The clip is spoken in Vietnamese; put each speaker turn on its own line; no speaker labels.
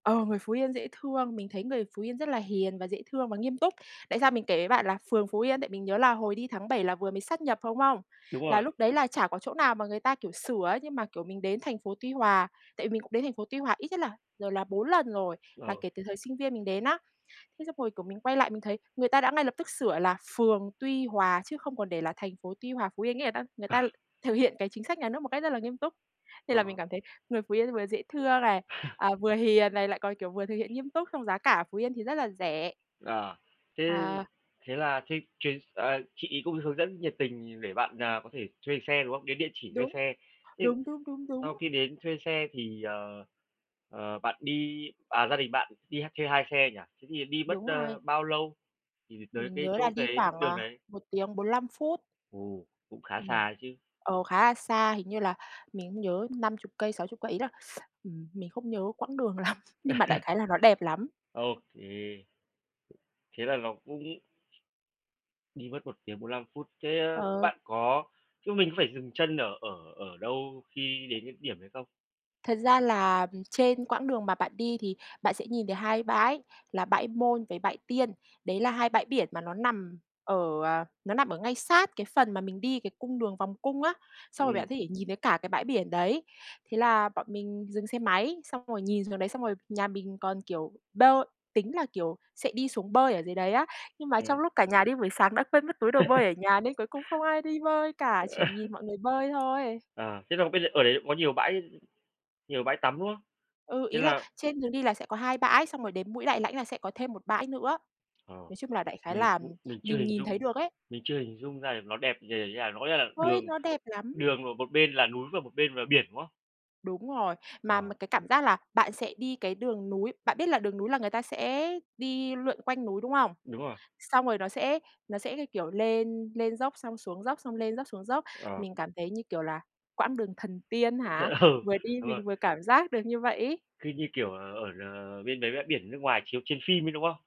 Ờ, người Phú Yên dễ thương, mình thấy người Phú Yên rất là hiền và dễ thương và nghiêm túc. Tại sao mình kể với bạn là phường Phú Yên, tại mình nhớ là hồi đi tháng 7 là vừa mới sát nhập thôi, đúng không?
Đúng
Là
rồi.
lúc đấy là chả có chỗ nào mà người ta, kiểu, sửa ấy, nhưng mà, kiểu, mình đến thành phố Tuy Hòa. Tại vì mình cũng đến thành phố Tuy Hòa ít nhất là rồi là 4 lần rồi, là
Ừ.
kể từ thời sinh viên mình đến á. Thế xong rồi, kiểu, mình quay lại mình thấy người ta đã ngay lập tức sửa là phường Tuy Hòa chứ không còn để là thành phố Tuy Hòa, Phú Yên, nghĩa là ta người
À.
ta thực hiện cái chính sách nhà nước một cách rất là nghiêm túc. Thế
Ờ,
là mình
ờ.
cảm thấy người Phú Yên vừa dễ thương này, à, vừa hiền này, lại còn, kiểu, vừa thực hiện nghiêm túc, xong giá cả ở Phú Yên thì rất là rẻ.
À, thế
À.
thế là thế chuyến ờ, chị ấy cũng hướng dẫn nhiệt tình để bạn, à, có thể thuê xe, đúng không? Đến địa chỉ thuê
Đúng.
xe. Thế
Đúng, đúng, đúng,
sau
đúng.
khi đến thuê xe thì, ờ, ờ, bạn đi à, gia đình bạn đi ha thuê 2 xe nhỉ? Thế thì đi mất,
Đúng
ơ,
rồi.
bao lâu thì thì tới
Mình
cái
nhớ là
chỗ
đi
cái
khoảng,
đường
à,
đấy?
1 tiếng 45 phút.
Ồ, cũng khá
Ừm.
xa đấy chứ.
Ờ, khá là xa, hình như là mình không nhớ 50 cây, 60 cây. Ý là, ừm, mình không nhớ quãng đường lắm, nhưng mà đại khái là nó đẹp lắm.
Ô kê. Thế là ló cũng đi mất 1 tiếng 45 phút. Thế, ơ,
Ờ.
bạn có chứ mình có phải dừng chân ở ở ở đâu khi đến cái điểm đấy không?
Thật ra là, ừm, trên quãng đường mà bạn đi thì bạn sẽ nhìn thấy 2 bãi, là Bãi Môn với Bãi Tiên. Đấy là 2 bãi biển mà nó nằm ở, ờ, nó nằm ở ngay sát cái phần mà mình đi cái cung đường vòng cung á. Xong rồi
Ừm.
bạn có thể nhìn thấy cả cái bãi biển đấy. Thế là bọn mình dừng xe máy, xong rồi nhìn xuống đấy, xong rồi nhà mình còn, kiểu, bơi tính là, kiểu, sẽ đi xuống bơi ở dưới đấy á. Nhưng mà
Ờ.
trong lúc cả nhà đi buổi sáng đã quên mất túi đồ bơi ở nhà, nên cuối cùng không ai đi bơi cả, chỉ nhìn mọi người bơi thôi.
À, thế là bây giờ ở đấy có nhiều bãi nhiều bãi tắm, đúng không?
Ừ,
Thế
ý là
là
trên đường đi là sẽ có 2 bãi, xong rồi đến mũi Đại Lãnh là sẽ có thêm 1 bãi nữa.
Ờ,
Nói chung là đại khái
mình
là
cũng mình chưa
nhìn
hình
nhìn thấy
dung,
được ấy.
mình chưa hình dung ra được nó đẹp nh nh như nào. Nó có nghĩa là
Ôi,
đường
nó đẹp lắm!
đường một một bên là núi và một bên là biển, đúng không?
Đúng rồi. Mà
Ờ.
mà cái cảm giác là bạn sẽ đi cái đường núi bạn biết là đường núi là người ta sẽ đi lượn quanh núi, đúng không?
Đúng rồi.
Xong rồi nó sẽ nó sẽ cái kiểu lên lên dốc xong xuống dốc, xong lên dốc xuống dốc.
Ờ.
Mình cảm thấy như kiểu là quãng đường thần tiên hả,
[unintelligible] Ừ,
vừa đi
đúng rồi.
mình vừa cảm giác được như vậy ấy.
Cứ như kiểu, ờ, ở, ờ, bên mấy bãi biển nước ngoài chiếu trên phim ấy, đúng không?